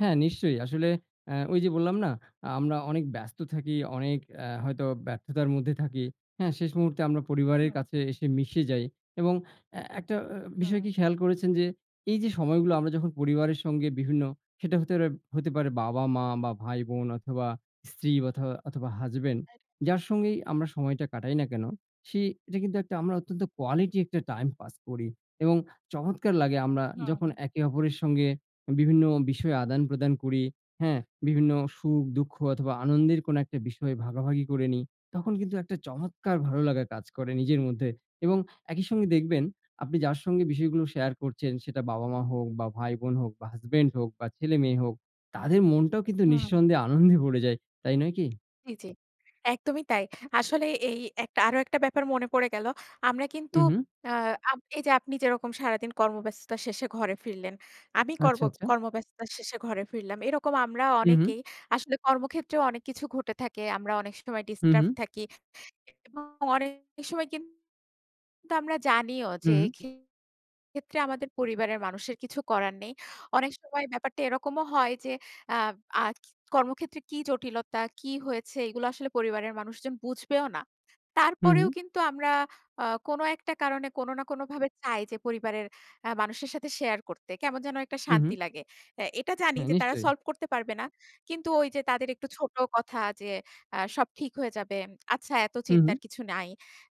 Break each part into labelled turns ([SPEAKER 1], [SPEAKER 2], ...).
[SPEAKER 1] হ্যাঁ, নিশ্চয়ই। আসলে অ্যা ওই যে, বললাম না? আ আমরা অনেক ব্যস্ত থাকি অনেক এ্যা হয়তো ব্যর্থতার মধ্যে থাকি। হ্যাঁ, শেষ মুহূর্তে আমরা পরিবারের
[SPEAKER 2] হুম।
[SPEAKER 1] কাছে এসে মিশে যাই এবং এ একটা বিষয়কি
[SPEAKER 2] হুম।
[SPEAKER 1] খেয়াল করেছেন যে, এই যে, সময়গুলো আমরা যখন পরিবারের সঙ্গে বিভিন্ন সেটা হতে পারে, হতে পারে বাবা-মা বা ভাই-বোন অথবা স্ত্রী বথো অথবা হাসব্যান্ড।
[SPEAKER 2] [unintelligible]
[SPEAKER 1] যার সঙ্গেই আমরা সময়টা কাটাই না কেন, সে এটা কিন্তু একটা আমরা অত্যন্ত কোয়ালিটি একটা টাইম পাস করি এবং চমৎকার লাগে আমরা
[SPEAKER 2] হুম,
[SPEAKER 1] যখন
[SPEAKER 2] হুম।
[SPEAKER 1] একে অপরের সঙ্গে বিভিন্ন বিষয়ে আদান-প্রদান করি। হ্যাঁ? বিভিন্ন সুখ-দুঃখ অথবা আনন্দের কোনো একটা বিষয় ভাগাভাগি করে নিই। তখন কিন্তু একটা চমৎকার ভালো লাগা কাজ করে নিজের মধ্যে এবং একই সঙ্গে দেখবেন আপনি যার সঙ্গে বিষয়গুলো শেয়ার করছেন, সেটা বাবা-মা হোক বা ভাই-বোন হোক বা হাসব্যান্ড হোক বা ছেলে-মেয়ে হোক। তাদের মনটাও কিন্তু
[SPEAKER 2] হুম, হুম।
[SPEAKER 1] নিঃসন্দেহে আনন্দে ভরে যায়, তাই নয় কি?
[SPEAKER 2] জি, জি। একদমই তাই। আসলে এই এক আরো একটা ব্যাপার মনে পড়ে গেল। আমরা কিন্তু
[SPEAKER 1] হু, হুম।
[SPEAKER 2] আ আব এই যে, আপনি যেরকম সারাদিন কর্মব্যস্ততার শেষে ঘরে ফিরলেন, আমি কর্ম
[SPEAKER 1] আচ্ছা, আচ্ছা।
[SPEAKER 2] কর্মব্যস্ততার শেষে ঘরে ফিরলাম। এরকম আমরা
[SPEAKER 1] হু, হুম।
[SPEAKER 2] অনেকেই আসলে কর্মক্ষেত্রেও অনেক কিছু ঘটে থাকে। আমরা অনেক সময়
[SPEAKER 1] হু,
[SPEAKER 2] ডিস্টার্ব
[SPEAKER 1] হুম।
[SPEAKER 2] থাকি। এবং অনেক সময় কিন তো আমরা জানিও যে,
[SPEAKER 1] হুম।
[SPEAKER 2] ক্ষেত্রে আমাদের পরিবারের মানুষের কিছু করার নেই। অনেক সময় ব্যাপারটা এরকমও হয় যে, আ আজ কর্মক্ষেত্রে কি জটিলতা, কি হয়েছে, এগুলো আসলে পরিবারের মানুষজন বুঝবেও না।
[SPEAKER 1] হু,
[SPEAKER 2] তারপরেও
[SPEAKER 1] হুম।
[SPEAKER 2] কিন্তু আমরা আ কোন একটা কারণে কোন না কোন ভাবে চাই যে, পরিবারের আ মানুষের সাথে শেয়ার করতে। কেমন যেন একটা
[SPEAKER 1] হু, হুম।
[SPEAKER 2] শান্তি লাগে। এ্যা এটা জানি
[SPEAKER 1] হ্যাঁ,
[SPEAKER 2] যে, তারা
[SPEAKER 1] নিশ্চয়ই।
[SPEAKER 2] সলভ করতে পারবে না। কিন্তু ওই যে, তাদের একটু ছোট কথা যে, আ সব ঠিক হয়ে যাবে। আচ্ছা এত
[SPEAKER 1] হুম, হুম।
[SPEAKER 2] চিন্তার কিছু নাই।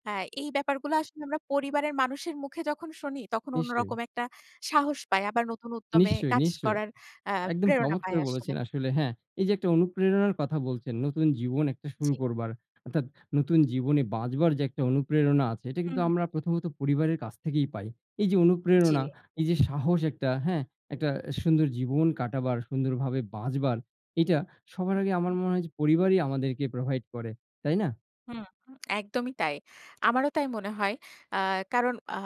[SPEAKER 2] আ এই ব্যাপারগুলো আসলে আমরা পরিবারের মানুষের মুখে যখন শুনি, তখন
[SPEAKER 1] নিশ্চয়ই।
[SPEAKER 2] অন্যরকম একটা সাহস পাই। আবার নতুন উদ্যমে
[SPEAKER 1] নিশ্চয়,
[SPEAKER 2] কাজ
[SPEAKER 1] নিশ্চয়ই।
[SPEAKER 2] করার আ
[SPEAKER 1] একদম
[SPEAKER 2] প্রেরণা পাই
[SPEAKER 1] চমৎকার
[SPEAKER 2] আসলে।
[SPEAKER 1] বলেছেন, আসলে হ্যাঁ? এই যে, একটা অনুপ্রেরণার কথা বলছেন, নতুন জীবন একটা শুরু
[SPEAKER 2] জি।
[SPEAKER 1] করবার অর্থাৎ নতুন জীবনে বাঁচবার যে, একটা অনুপ্রেরণা আছে, এটা কিন্তু
[SPEAKER 2] হুম।
[SPEAKER 1] আমরা প্রথমত পরিবারের কাছ থেকেই পাই। এই যে, অনুপ্রেরণা,
[SPEAKER 2] জি,
[SPEAKER 1] এই যে, সাহস, একটা হ্যাঁ? একটা সুন্দর জীবন কাটাবার সুন্দরভাবে বাঁচবার, এটা সবার আগে আমার
[SPEAKER 2] [unintelligible]
[SPEAKER 1] মনে হয় যে, পরিবারই আমাদেরকে প্রোভাইড করে। তাই না?
[SPEAKER 2] হুম, একদমই তাই। আমারও তাই মনে হয়। আ কারণ আ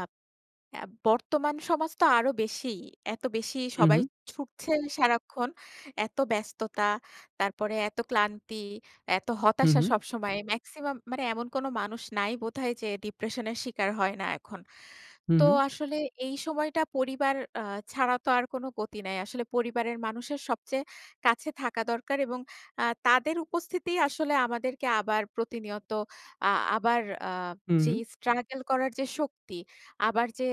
[SPEAKER 2] আ বর্তমান সমাজ তো আরো বেশি। এত বেশি
[SPEAKER 1] হু,
[SPEAKER 2] সবাই
[SPEAKER 1] হুম।
[SPEAKER 2] ছুটছে সারাক্ষণ। এত ব্যস্ততা, তারপরে এত ক্লান্তি, এত
[SPEAKER 1] হু,
[SPEAKER 2] হতাশা
[SPEAKER 1] হুম।
[SPEAKER 2] সবসময়। মেক্সিমাম মানে এমন কোন মানুষ নাই বোধহয় যে, ডিপ্রেশনের শিকার হয় না এখন।
[SPEAKER 1] হুম,
[SPEAKER 2] তো
[SPEAKER 1] হুম।
[SPEAKER 2] আসলে এই সময়টা পরিবার আ ছাড়া তো আর কোন গতি নাই। আসলে পরিবারের মানুষের সবচেয়ে কাছে থাকা দরকার এবং আ তাদের উপস্থিতি আসলে আমাদেরকে আবার প্রতিনিয়ত। আ আবার আ যে,
[SPEAKER 1] হুম।
[SPEAKER 2] স্ট্রাগল করার যে, শক্তি, আবার যে,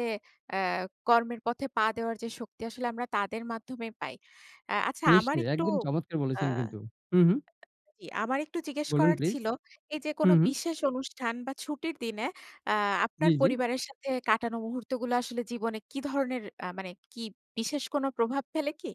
[SPEAKER 2] অ্যা কর্মের পথে পা দেওয়ার যে, শক্তি, আসলে আমরা তাদের মাধ্যমে পাই। আ আচ্ছা আমার
[SPEAKER 1] নিশ্চয়ই
[SPEAKER 2] একটু
[SPEAKER 1] একদম চমৎকার
[SPEAKER 2] আ
[SPEAKER 1] বলেছেন কিন্তু। হু, হুম।
[SPEAKER 2] জি, আমার একটু জিজ্ঞেস
[SPEAKER 1] বলুন
[SPEAKER 2] করার
[SPEAKER 1] প্লিজ।
[SPEAKER 2] ছিল। এই যে, কোন
[SPEAKER 1] হু, হুম।
[SPEAKER 2] বিশেষ অনুষ্ঠান বা ছুটির দিনে আ আপনার
[SPEAKER 1] জ্বী, জ্বী।
[SPEAKER 2] পরিবারের সাথে কাটানো মুহূর্তগুলো আসলে জীবনে কি ধরনের আ মানে কি বিশেষ কোন প্রভাব ফেলে কি?